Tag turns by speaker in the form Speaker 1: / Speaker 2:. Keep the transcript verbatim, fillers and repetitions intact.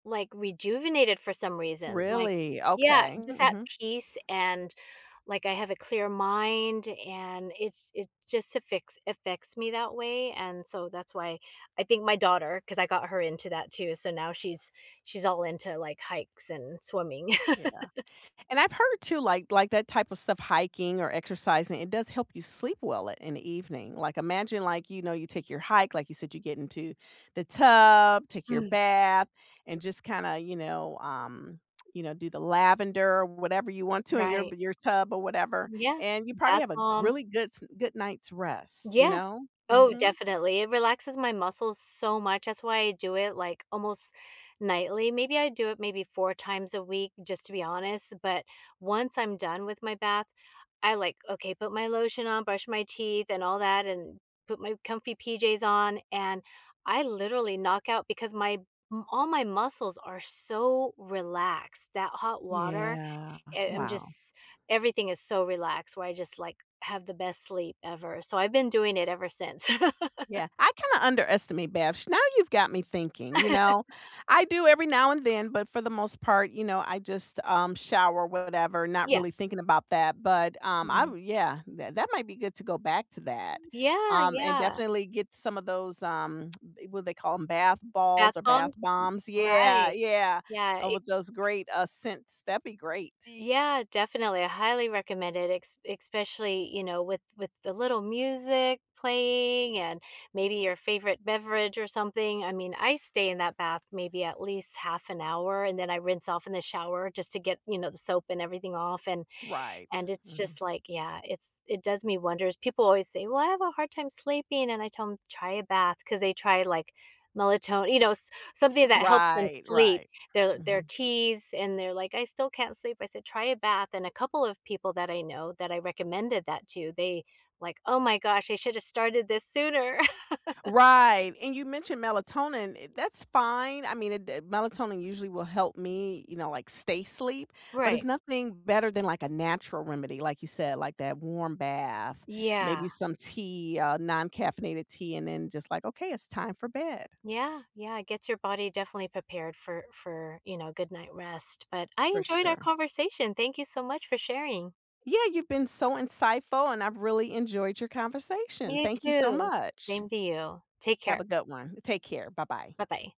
Speaker 1: Like rejuvenated for some reason. Like,
Speaker 2: Really?
Speaker 1: yeah,
Speaker 2: Okay,
Speaker 1: just at
Speaker 2: mhm.
Speaker 1: peace and like I have a clear mind and it's it's just afficts affects me that way and so that's why I think my daughter 'cause I got her into that too, so now she's she's all into like hikes and swimming.
Speaker 2: Yeah. And I've heard too like, like that type of stuff, hiking or exercising, it does help you sleep well at in the evening. Like, imagine like, you know, you take your hike, like you said, you get into the tub, take your
Speaker 1: Mm.
Speaker 2: bath, and just kinda, you know, um, you know, do the lavender or whatever you want to in your
Speaker 1: Right.
Speaker 2: your tub or whatever,
Speaker 1: Yeah,
Speaker 2: and you probably
Speaker 1: bath
Speaker 2: have a really
Speaker 1: bombs
Speaker 2: good, s good night's rest, you
Speaker 1: Yeah.
Speaker 2: know.
Speaker 1: Oh,
Speaker 2: Mhm.
Speaker 1: definitely it relaxes my muscles so much that's why I do it like almost nightly. Maybe I do it maybe four times a week, just to be honest. But once I'm done with my bath, I like, okay, put my lotion on, brush my teeth and all that, and put my comfy PJs on and I literally knock out because my m all my muscles are so relaxed that hot water,
Speaker 2: Yeah,
Speaker 1: eh, I'm
Speaker 2: wow.
Speaker 1: just, everything is so relaxed where I just like have the best sleep ever so I've been doing it ever since.
Speaker 2: Yeah. I kinda underestimate baths now you've got me thinking, you know. I do every now and then, but for the most part, you know, I just, um, shower, whatever, not
Speaker 1: Yeah.
Speaker 2: really thinking about that. But, um, I
Speaker 1: Mhm.
Speaker 2: yeah, that that might be good to go back to that,
Speaker 1: Yeah,
Speaker 2: um, and
Speaker 1: yeah.
Speaker 2: definitely get some of those, um, what do they call 'em bath
Speaker 1: Bath
Speaker 2: balls or bath
Speaker 1: bombs.
Speaker 2: bombs. Yeah,
Speaker 1: Right.
Speaker 2: yeah,
Speaker 1: Yeah,
Speaker 2: and
Speaker 1: it
Speaker 2: with those great uh scents, that'd be great.
Speaker 1: Yeah, definitely I highly recommend it. Escp especially, you know, with with the little music playing and maybe your favorite beverage or something. I mean, I stay in that bath maybe at least half an hour, and then I rinse off in the shower just to get, you know, the soap and everything off and
Speaker 2: Right.
Speaker 1: and it's
Speaker 2: Mhm.
Speaker 1: just like, yeah, it's it does me wonders. People always say, "Well, I have a hard time sleeping," and I tell 'em, "Try a bath," 'cause they try like melaton you know, s something that helps them
Speaker 2: Right,
Speaker 1: sleep.
Speaker 2: right.
Speaker 1: Their their
Speaker 2: Mhm.
Speaker 1: teas, and they're like, "I still can't sleep." I said, "Try a bath." And a couple of people that I know that I recommended that to, they, like, "Oh my gosh, I should have started this sooner."
Speaker 2: Right, and you mentioned melatonin, eh, that's fine. I mean, it, d uh, melatonin usually will help me, you know, like stay sleep. But it's
Speaker 1: Right.
Speaker 2: nothing better than, like, a natural remedy, like you said, like that warm bath,
Speaker 1: Yeah.
Speaker 2: maybe some tea, uh non-caffeinated tea, and then just like, "Okay, it's time for bed."
Speaker 1: Yeah, yeah, it gets your body definitely prepared for for, you know, good night rest. But I
Speaker 2: For
Speaker 1: enjoyed our
Speaker 2: sure.
Speaker 1: conversation. Thank you so much for sharing.
Speaker 2: Yeah, you've been so insightful, and I've really enjoyed your conversation.
Speaker 1: You
Speaker 2: Thank you so
Speaker 1: too s
Speaker 2: much.
Speaker 1: same to you. Take
Speaker 2: Have
Speaker 1: care.
Speaker 2: a good one. Take care. Bye-bye.
Speaker 1: Bye-bye.